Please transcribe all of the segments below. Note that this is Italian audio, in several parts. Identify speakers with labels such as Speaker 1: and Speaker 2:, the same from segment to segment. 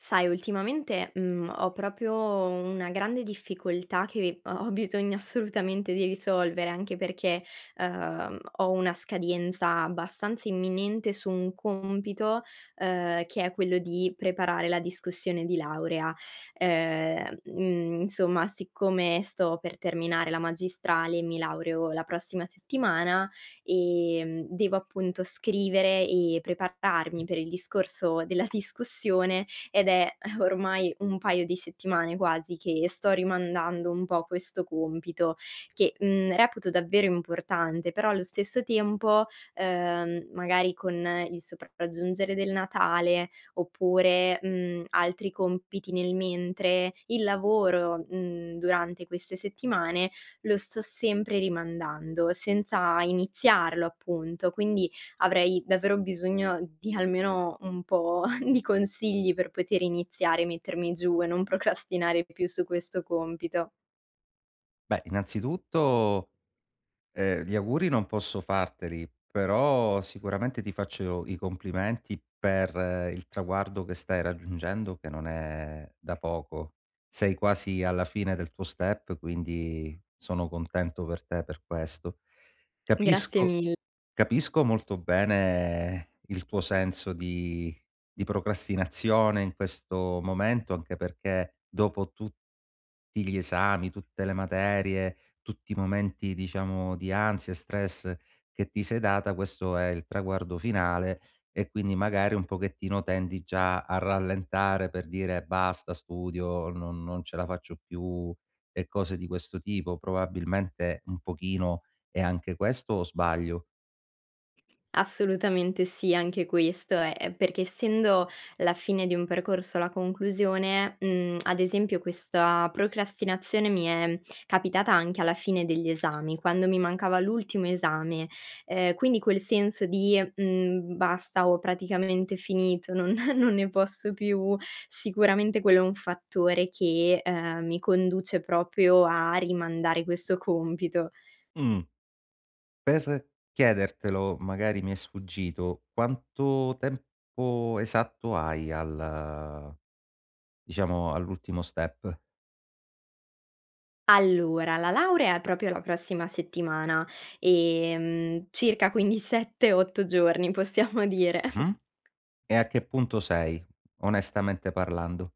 Speaker 1: Sai ultimamente, mhmm, ho proprio una grande difficoltà che vi ho ho bisogno assolutamente di risolvere, anche perché, uhm, ho una scadenza abbastanza imminente su un compito, uhm, che è quello di preparare la discussione di laurea. Uhm, mhmm, insomma, siccome sto per terminare la magistrale e mi laureo la prossima settimana, ehm, devo appunto scrivere e prepararmi per il discorso della discussione, ed è ormai un paio di settimane quasi che sto rimandando un po' questo compito che, mhmm, reputo davvero importante però allo stesso tempo, uhm, magari con il sopraggiungere del Natale oppure, mhmm, altri compiti nel mentre, il lavoro, mhmm, durante queste settimane lo sto sempre rimandando senza iniziarlo appunto. Quindi avrei davvero bisogno di almeno un po' di consigli per poter iniziare, mettermi giù e non procrastinare più su questo compito.
Speaker 2: Beh, innanzitutto, ehm, gli auguri non posso farteli, però sicuramente ti faccio i complimenti per il traguardo che stai raggiungendo che non è da poco. Sei quasi alla fine del tuo step quindi sono contento per te per questo.
Speaker 1: Grazie
Speaker 2: Capisco
Speaker 1: mil
Speaker 2: capisco molto bene il tuo senso di di procrastinazione in questo momento anche perché dopo tut ti gli esami, tutte le materie, tutti i momenti diciamo di ansia e stress che ti sei data, questo è il traguardo finale e quindi magari un pochettino tendi già a rallentare per dire: "Basta studio, non non ce la faccio più." E cose di questo tipo. Probabilmente un pochino è anche questo, o sbaglio?
Speaker 1: Assolutamente sì anche questo è ehm, perché essendo la fine di un percorso alla conclusione, mhmm, ad esempio questa procrastinazione mi è capitata anche alla fine degli esami. Quando mi mancava l'ultimo esame. Ehm, quindi quel senso di, mhmm: "Basta, ho praticamente finito, non non ne posso più." Sicuramente quello è un fattore che, ehm, mi conduce proprio a rimandare questo compito.
Speaker 2: Mh. Per chiedertelo magari mi è sfuggito quanto tempo esatto hai al diciamo all'ultimo step?
Speaker 1: Allora, la laurea è proprio la prossima settimana, ehm, circa quindi 7, 8 giorni possiamo dire.
Speaker 2: Mh-mh. E a che punto sei? Onestamente parlando.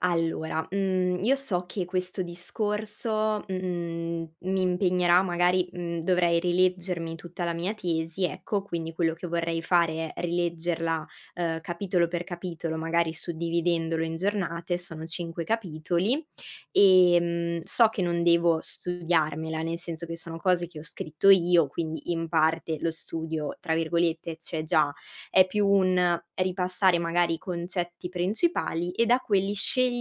Speaker 1: Allora, mhmm, io so che questo discorso, mhmm, mi impegnerà magari, mhmm, dovrei rileggermi tutta la mia tesi ecco, quindi quello che vorrei fare è rileggerla, ehm, capitolo per capitolo magari suddividendolo in giornate- sono cinque capitoli- ehm, so che non devo studiarmela, nel senso che sono cose che ho scritto io quindi in parte lo studio tra virgolette "c'è già". È più un ripassare magari i concetti principali e da quelli scegliere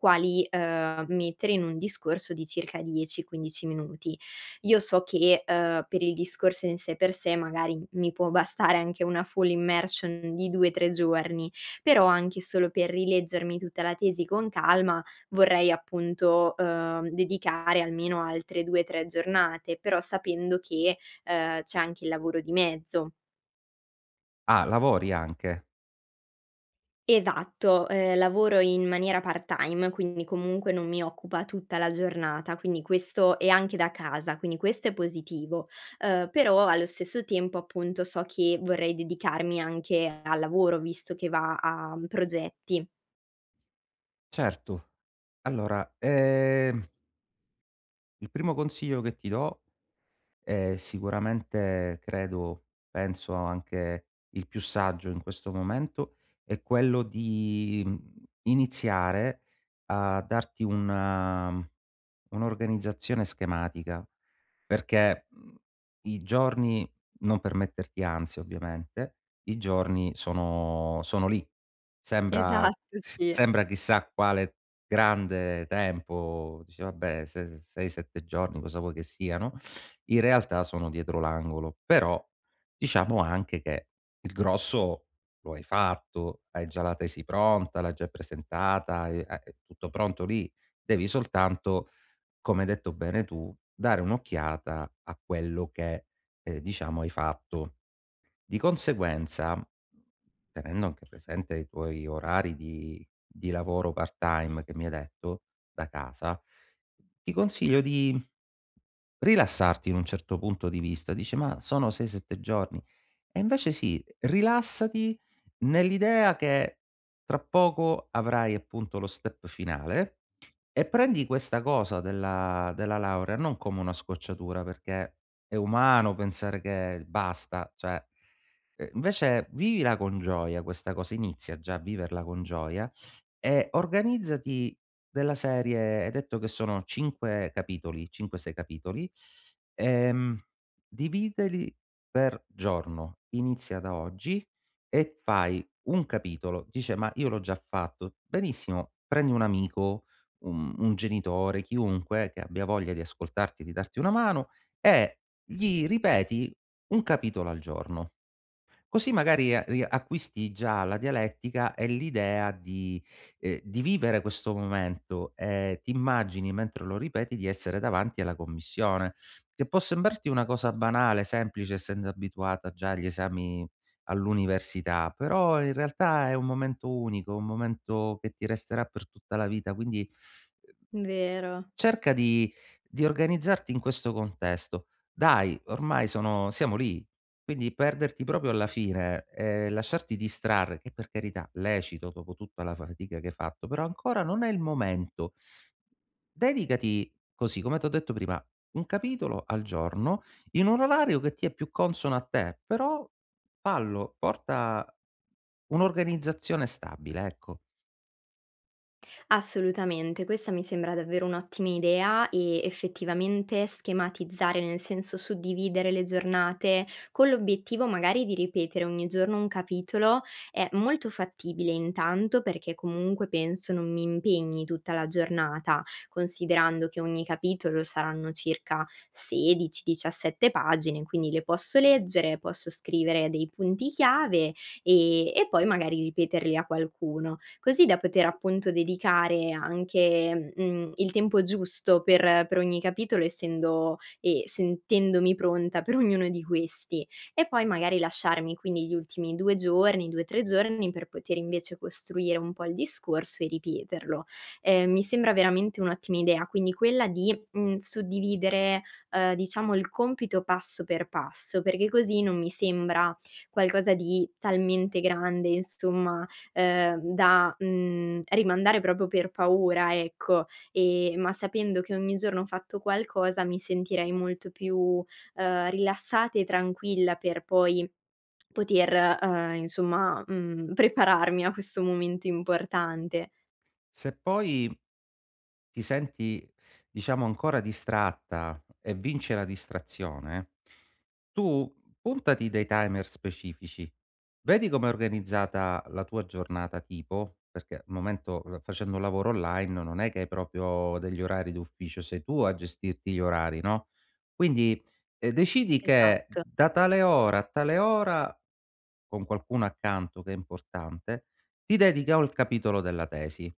Speaker 1: quali, ehm, mettere in un discorso di circa 10, 15 minuti. Io so che, ehm, per il discorso in sé per sé magari mi può bastare anche una full immersion di 2, 3 giorni, però anche solo per rileggermi tutta la tesi con calma vorrei appunto uhm, dedicare almeno altre 2, 3 giornate però sapendo che, ehm, c'è anche il lavoro di mezzo.
Speaker 2: Ah, lavori anche?
Speaker 1: Esatto, ehm, lavoro in maniera part time, quindi comunque non mi occupa tutta la giornata, quindi questo e anche da casa quindi questo è positivo, uhm, però allo stesso tempo appunto, so che vorrei dedicarmi anche al lavoro visto che va a progetti.
Speaker 2: Certo, allora ehm il primo consiglio che ti do, è sicuramente credo penso anche il più saggio in questo momento, è quello di, mhmm, iniziare a darti una un'organizzazione schematica, perché, mhmm, i giorni non per metterti ansia ovviamente, i giorni sono sono lì. Sembra
Speaker 1: Esatto
Speaker 2: s
Speaker 1: sì.
Speaker 2: sembra chissà quale grande tempo, dici: "Vabbè, 6, 7 giorni cosa vuoi che siano," in realtà sono dietro l'angolo, però, ehm, diciamo anche che il grosso lo hai fatto, hai già la tesi pronta, l'hai già presentata, e a è tutto pronto lì. Devi soltanto, come hai detto bene tu, dare un'occhiata, a quello che, diciamo, hai fatto. Di conseguenza, tenendo anche presente i tuoi orari di di lavoro part time, che mi hai detto, da casa, ti consiglio di: rilassarti in un certo punto di vista, dice: "Ma sono 6, 7 giorni!" E invece sì, rilassati nell'idea che, tra poco avrai appunto lo step finale, e prendi questa cosa della della laurea, non come una scocciatura, perché, è umano pensare che basta, cioè invece vivila con gioia questa cosa, inizia già a viverla con gioia e organizzati della serie, hai detto che sono 5 capitoli, cinque, sei capitoli, ehm, dividili per giorno, inizia da oggi e fai un capitolo, dice: "Ma io l'ho già fatto!" Benissimo, prendi un amico, u un genitore, chiunque, che abbia voglia di ascoltarti, di darti una mano, e gli ripeti un capitolo al giorno. Così magari a riacquisti già la dialettica e l'idea di, ehm, di vivere questo momento e ti immagini mentre lo ripeti di essere davanti alla commissione. Che può sembrarti una cosa banale, semplice essendo abituata già agli esami all'università, però in realtà è un momento unico, un momento che ti resterà per tutta la vita quindi, uhm.
Speaker 1: Vero.
Speaker 2: Cerca di di organizzarti in questo contesto. Dai, ormai sono siamo lì! Quindi perderti proprio alla fine, e lasciarti distrarre, che per carità, lecito dopo tutta la fatica che hai fatto, però ancora non è il momento. Dedicati così, come t' ho detto prima: un capitolo al giorno, in un orario che ti è più consono a te, però fallo, porta un'organizzazione stabile ecco.
Speaker 1: Assolutamente, questa mi sembra davvero un'ottima, idea e effettivamente, schematizzare nel senso, suddividere le giornate, con l'obiettivo magari di ripetere ogni giorno un capitolo, è molto fattibile intanto, perché comunque penso non mi impegni tutta la giornata; considerando che ogni capitolo saranno circa 16, 17 pagine, quindi le posso leggere, posso scrivere dei punti chiave e e poi magari ripeterli a qualcuno. Così da poter appunto dedicare anche, mhmm, il tempo giusto per per ogni capitolo essendo e sentendomi pronta per ognuno di questi. E poi magari lasciarmi quindi gli ultimi 2 giorni, 2, 3 giorni per poter invece costruire un po' il discorso e ripeterlo. Ehm, mi sembra veramente un'ottima idea, quindi quella di, mhmm, suddividere, uhm, diciamo il compito passo per passo perché così non mi sembra qualcosa di talmente grande, insomma, ehm, da, mhmm, rimandare proprio per paura ecco, e ma sapendo che ogni giorno ho fatto qualcosa, mi sentirei molto più, ehm, rilassata e tranquilla per poi poter, ehm, insomma, mhmm, prepararmi a questo momento importante.
Speaker 2: Se poi ti senti, diciamo, ancora distratta e vince la distrazione, tu puntati dei timer specifici, vedi come è organizzata la tua giornata tipo, perché al momento l facendo un lavoro online non è che hai proprio degli orari d'ufficio, sei tu a gestirti gli orari no? Quindi decidi che
Speaker 1: Esatt
Speaker 2: da tale ora a tale ora, con qualcuno accanto che è importante, ti dedichi o al capitolo della tesi,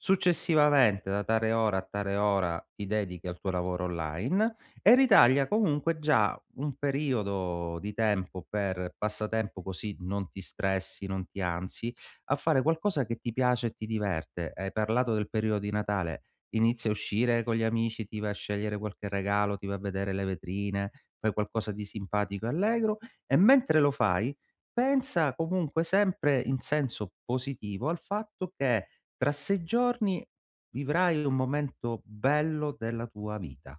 Speaker 2: successivamente da tale ora a tale ora ti dedichi al tuo lavoro online, e ritaglia comunque, già un periodo di tempo per passatempo così non ti stressi, non ti ansi, a fare qualcosa che ti piace e ti diverte. Hai parlato del periodo di Natale? Inizia a uscire con gli amici, ti vai a scegliere qualche regalo, ti vai a vedere le vetrine, fai qualcosa di simpatico e allegro; e mentre lo fai pensa comunque sempre in senso positivo al fatto che, tra sei giorni vivrai un momento bello della tua vita.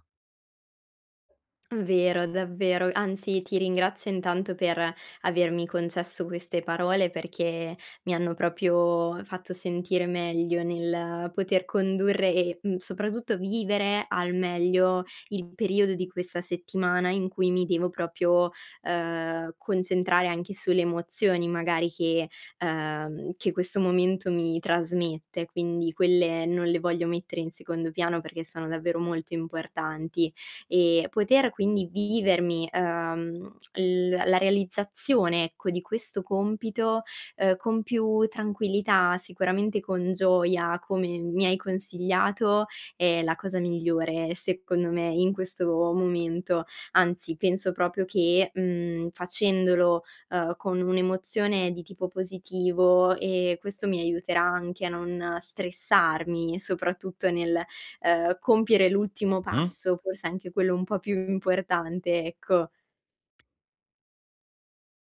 Speaker 1: Vero, davvero, anzi ti ringrazio intanto per, avermi concesso queste parole perché, mi hanno proprio fatto sentire meglio nel poter condurre e, mhmm, soprattutto vivere al meglio il periodo di questa settimana in cui mi devo proprio uhm, concentrare anche sulle emozioni magari che, ehm, che questo momento mi trasmette quindi, quelle non le voglio mettere in secondo piano perché sono davvero molto importanti; e, poter quindi vivermi, uhm, l la realizzazione ecco, di questo compito, uhm, con più tranquillità, sicuramente con gioia come, mi hai consigliato è la cosa migliore secondo me, in questo momento, anzi, penso proprio che, mhmm, facendolo, uhm, con un'emozione di tipo positivo, ehm, questo mi aiuterà anche a non stressarmi, soprattutto nel, uhm, compiere l'ultimo
Speaker 2: Mh-mh.
Speaker 1: passo forse anche quello un po' più importante ecco.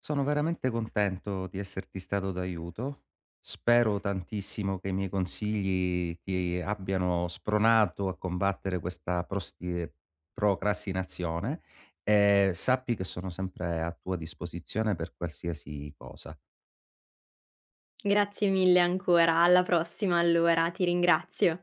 Speaker 2: Sono veramente contento di esserti stato d'aiuto. Spero tantissimo che i miei consigli ti abbiano spronato a combattere questa prostie procrastinazione, e sappi che sono sempre a tua disposizione per qualsiasi cosa.
Speaker 1: Grazie mille ancora, alla prossima allora, ti ringrazio.